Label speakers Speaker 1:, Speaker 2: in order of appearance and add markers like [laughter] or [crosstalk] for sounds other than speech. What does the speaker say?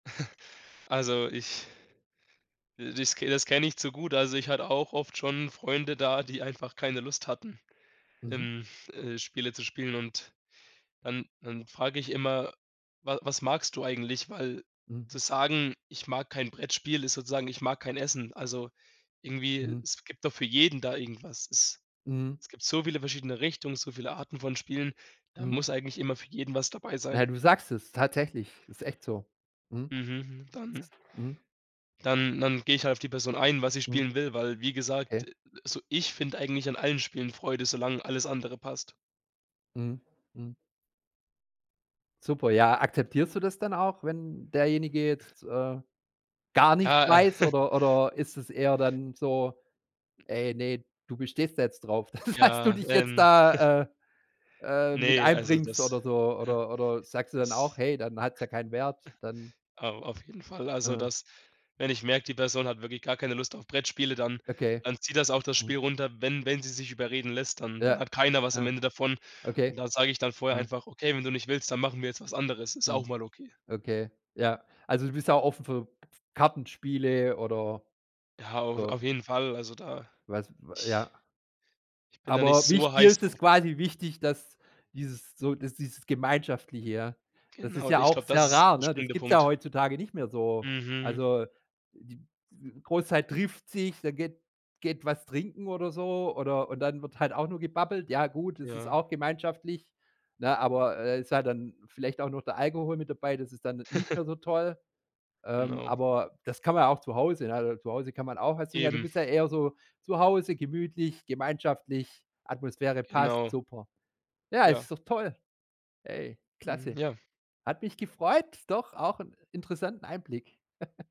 Speaker 1: [chuckles] Also, ich das das kenne ich zu gut, also, ich hatte auch oft schon Freunde da, die einfach keine Lust hatten,
Speaker 2: Mhm.
Speaker 1: ähm, äh, Spiele zu spielen, und dann dann frage ich immer: „Wa was magst du eigentlich?”, weil zu
Speaker 2: Mhm.
Speaker 1: sagen: „Ich mag kein Brettspiel“, ist sozusagen: „Ich mag kein Essen.“ Also irgendwie,
Speaker 2: Mhm.
Speaker 1: es gibt doch für jeden da irgendwas. Es
Speaker 2: Mhm.
Speaker 1: es gibt so viele verschiedene Richtungen, so viele Arten von Spielen, da muss
Speaker 2: Mhm.
Speaker 1: eigentlich immer für jeden was dabei
Speaker 2: Ja,
Speaker 1: sein.
Speaker 2: du sagst es, tatsächlich, ist echt so. Mhm.
Speaker 1: Mhm, dann
Speaker 2: Mhm.
Speaker 1: Dann dann gehe ich halt auf die Person ein, was sie
Speaker 2: Mhm.
Speaker 1: spielen will, weil, wie gesagt,
Speaker 2: Okay.
Speaker 1: also ich finde eigentlich an allen Spielen Freude, solange alles andere passt.
Speaker 2: Mhm. Mhm. Super, ja. Akzeptierst du das dann auch, wenn derjenige jetzt, äh, gar nichts
Speaker 1: Ja, äh
Speaker 2: weiß
Speaker 1: [chuckles]
Speaker 2: oder oder ist es eher dann so: „Ey, ne, du bestehst da jetzt drauf, dass du
Speaker 1: Ja,
Speaker 2: dich jetzt
Speaker 1: ähm [chuckles]
Speaker 2: da, äh äh, mit
Speaker 1: Ne, also
Speaker 2: einbringst
Speaker 1: das
Speaker 2: oder
Speaker 1: [snorts]
Speaker 2: so“ oder oder sagst du dann auch:
Speaker 1: das
Speaker 2: „Hey, dann hat's ja keinen Wert,
Speaker 1: [snorts]
Speaker 2: dann.”
Speaker 1: Au auf jeden Fall. Also,
Speaker 2: Aha.
Speaker 1: das wenn ich merke, die Person hat wirklich gar keine Lust auf Brettspiele, dann
Speaker 2: Okay.
Speaker 1: dann zieht das auch das
Speaker 2: Mhm.
Speaker 1: Spiel runter, wenn wenn sie sich überreden lässt, dann
Speaker 2: Ja.
Speaker 1: dann hat keiner was am
Speaker 2: Ja.
Speaker 1: Ende davon,
Speaker 2: Okay.
Speaker 1: und da sage ich dann vorher
Speaker 2: Ja.
Speaker 1: einfach: „Okay, wenn du nicht willst, dann machen wir jetzt was anderes.” Ist
Speaker 2: Mhm.
Speaker 1: auch mal okay.
Speaker 2: Okay, ja. Also, du bist ja auch offen für Kartenspiele oder
Speaker 1: Ja, auf
Speaker 2: so.
Speaker 1: auf jeden Fall, also da
Speaker 2: Was ja.
Speaker 1: Ich bin da nicht
Speaker 2: Aber
Speaker 1: so
Speaker 2: wich dir
Speaker 1: heiß
Speaker 2: ist es
Speaker 1: drauf.
Speaker 2: quasi wichtig, dass dieses so dass dieses Gemeinschaftliche ja. Das ist
Speaker 1: Genau,
Speaker 2: ja
Speaker 1: ich
Speaker 2: auch
Speaker 1: glaube, das
Speaker 2: sehr
Speaker 1: ist
Speaker 2: rar,
Speaker 1: der
Speaker 2: ne? Das
Speaker 1: springende
Speaker 2: gibt es ja
Speaker 1: Punkt.
Speaker 2: heutzutage nicht mehr so,
Speaker 1: Mhm.
Speaker 2: also, die w Großzeit trifft sich, dann geht geht was trinken oder so, oder und dann wird halt auch nur gebabbelt ja gut, das ist
Speaker 1: Ja.
Speaker 2: auch gemeinschaftlich, ne, aber, äh, ist halt dann vielleicht auch noch der Alkohol mit dabei, das ist dann n nicht
Speaker 1: [chuckles]
Speaker 2: mehr so toll, ähm,
Speaker 1: Genau.
Speaker 2: aber das kann man ja auch zu Hause, ne? Zu Hause kann man auch [unintelligible] ja du
Speaker 1: Eben.
Speaker 2: bist ja eher so zu Hause, gemütlich, gemeinschaftlich, Atmosphäre passt,
Speaker 1: Genau.
Speaker 2: super. Ja, es
Speaker 1: Ja.
Speaker 2: ist doch toll. Hey,
Speaker 1: Mhm,
Speaker 2: klasse.
Speaker 1: ja.
Speaker 2: Hat mich gefreut, doch, auch 'n interessanten Einblick. [chuckles]